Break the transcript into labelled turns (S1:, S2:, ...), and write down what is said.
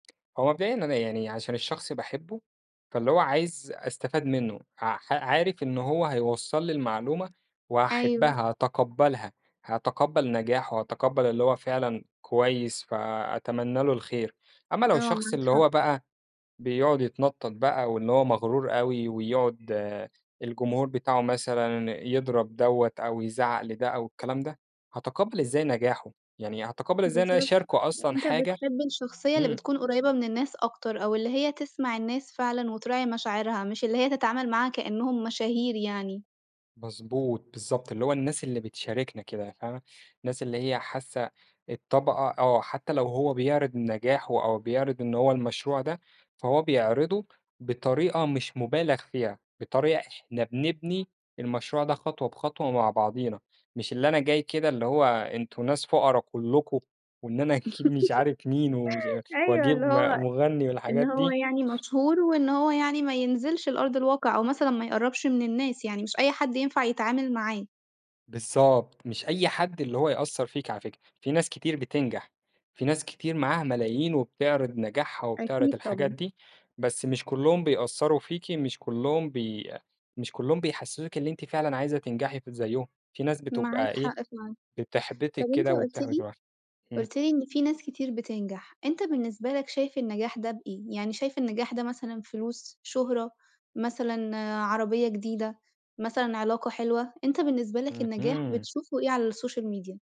S1: هو مبدئيًا أنا يعني عشان الشخص باحبه، فاللي هو عايِز أستفيد منه، هق حأ عارِف إن هو هيوصّل لي المعلومة
S2: أيوه.
S1: وهاحبها، هاتقبَّلها، هاتقبَّل نجاحه، هاتقبَّل اللي هو فعلًا كويِس، فأتمنَّى له الخير. أمَّا لو
S2: آه،
S1: الشخص
S2: معاك
S1: اللي هو
S2: حق.
S1: بقى بيقعد يتنطَّط بقى، واللي هو مغرور أوي، ويقعد الجمهور بتاعه مثلًا يضرب دوّة أو يزعق لده أو الكلام ده، هاتقبَّل إزاي نجاحه يعني، هاتقبَّل إزاي إن أنا
S2: بالضبط،
S1: اشارِكه أصلًا
S2: أنتَ
S1: حاجة
S2: بتحب الشخصية اللي
S1: إمم.
S2: بتكون قريّبة من الناس أكتر، أو اللي هي تسمع الناس فعلًا وتراعِي مشاعرها، مش اللي هي تتعامَل معاها كإنّهم مشاهير يعني.
S1: مضبوط، بالضبط، اللي هو الناس اللي بتشارِكنا كده يعني، فاهمة؟ الناس اللي هي حاسَّة الطبقة آه، حتى لو هو بيعرض نجاحه أو بيعرض إن هو المشروع ده، فهو بيعرضه بطريقة مش مُبالَغ فيها، بطريقة إحنا بنبني المشروع ده خطوة بخطوة مع بعضينا، مش اللي أنا جاي كده اللي هو أنتم ناس فقَرا كلّكم، وإن أنا أكيد مش عارِف مين، ومش أ
S2: أيوه،
S1: وأجيب
S2: اللي
S1: ما
S2: هو
S1: مغنّي
S2: إن
S1: والحاجات
S2: هو
S1: دي.
S2: يعني مشهور وإن هو يعني ما ينزلش لأرض الواقع، أو مثلًا ما يقرَّبش من الناس يعني، مش أي حد ينفع يتعامل معاه.
S1: بالضبط، مش أي حد اللي هو يأثّر فيك على فكرة، في ناس كتير بتنجح، في ناس كتير معاها ملايين وبتعرِض نجاحها وبتعرِض
S2: أكيد،
S1: الحاجات
S2: طبعًا.
S1: دي، بس مش كلُّهم بيأثّروا فيكِ، مش كلُّهم بي مش كلُّهم بيحسِّسوكِ اللي أنتِ فعلًا عايزة تنجحي كده زيُّهم، في ناس
S2: معاك
S1: بتبقى إيه،
S2: حق فعلًأ، طَب
S1: بتحبِّطِك
S2: أنتَ
S1: كده
S2: قُلت
S1: وبتحبِّط
S2: لي
S1: الواحد. اهم.
S2: قُلت لي إن في ناس كتير بتنجح، أنتَ بالنسبة لك شايِف النجاح ده بإيه؟ يعني شايِف النجاح ده مثلًا فلوس، شُهرة، مثلًا عربية جديدة، مثلًا علاقة حلوة؟ أنتَ بالنسبة لك النجاح
S1: اهم.
S2: بتشوفه إيه على الsocial media؟